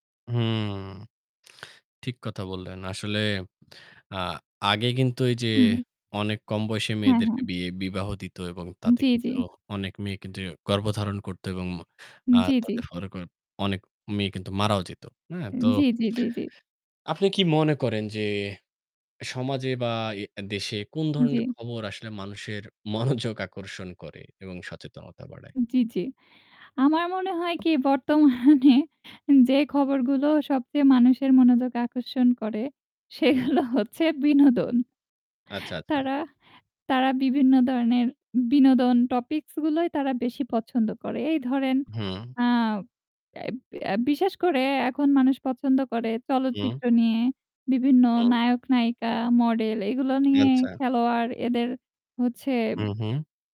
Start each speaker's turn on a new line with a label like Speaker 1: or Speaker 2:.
Speaker 1: হুউম। ঠিক কথা বললেন। আসলে আ আগে কিন্তু এই যে
Speaker 2: হু।
Speaker 1: অনেক কম বয়সী
Speaker 2: হ্যা। হ্যাঁ।
Speaker 1: মেয়েদেরকে বিয়ে বিবাহ দিত। এবং তাতে
Speaker 2: জ্বী, জ্বী।
Speaker 1: কিন্তু অনেক মেয়ে কিন্তু গর্ভধারণ করত এবং ম আ
Speaker 2: জ্বী, জ্বী।
Speaker 1: তার ফলে অনেক মেয়ে কিন্তু মারাও যেত। হ্যাঁ? তো
Speaker 2: জ্বী, জ্বী, জ্বী, জ্বী।
Speaker 1: আপনি কি মনে করেন যে সমাজে বা e দেশে কোন
Speaker 2: জ্বী।
Speaker 1: ধরনের খবর আসলে মানুষের মনোযোগ আকর্ষণ করে এবং সচেতনতা বাড়ায়?
Speaker 2: জ্বি, জ্বি। আমার মনে হয় কি বর্তমানে যে খবরগুলো সবচেয়ে মানুষের মনোযোগ আকর্ষণ করে
Speaker 1: হুম।
Speaker 2: সেগুলো হচ্ছে বিনোদন।
Speaker 1: আচ্ছা, আচ্ছা।
Speaker 2: তারা তারা বিভিন্ন ধরনের বিনোদন টপিকস গুলোই তারা বেশি পছন্দ করে। এই ধরেন
Speaker 1: হুম।
Speaker 2: আ এব এব বিশেষ করে এখন মানুষ পছন্দ করে
Speaker 1: হুম।
Speaker 2: চলচ্চিত্র নিয়ে। বিভিন্ন
Speaker 1: হুম।
Speaker 2: নায়ক নায়িকা মডেল এগুলো নিয়ে।
Speaker 1: আচ্ছা।
Speaker 2: খেলোয়াড় এদের হচ্ছে
Speaker 1: হু, হু।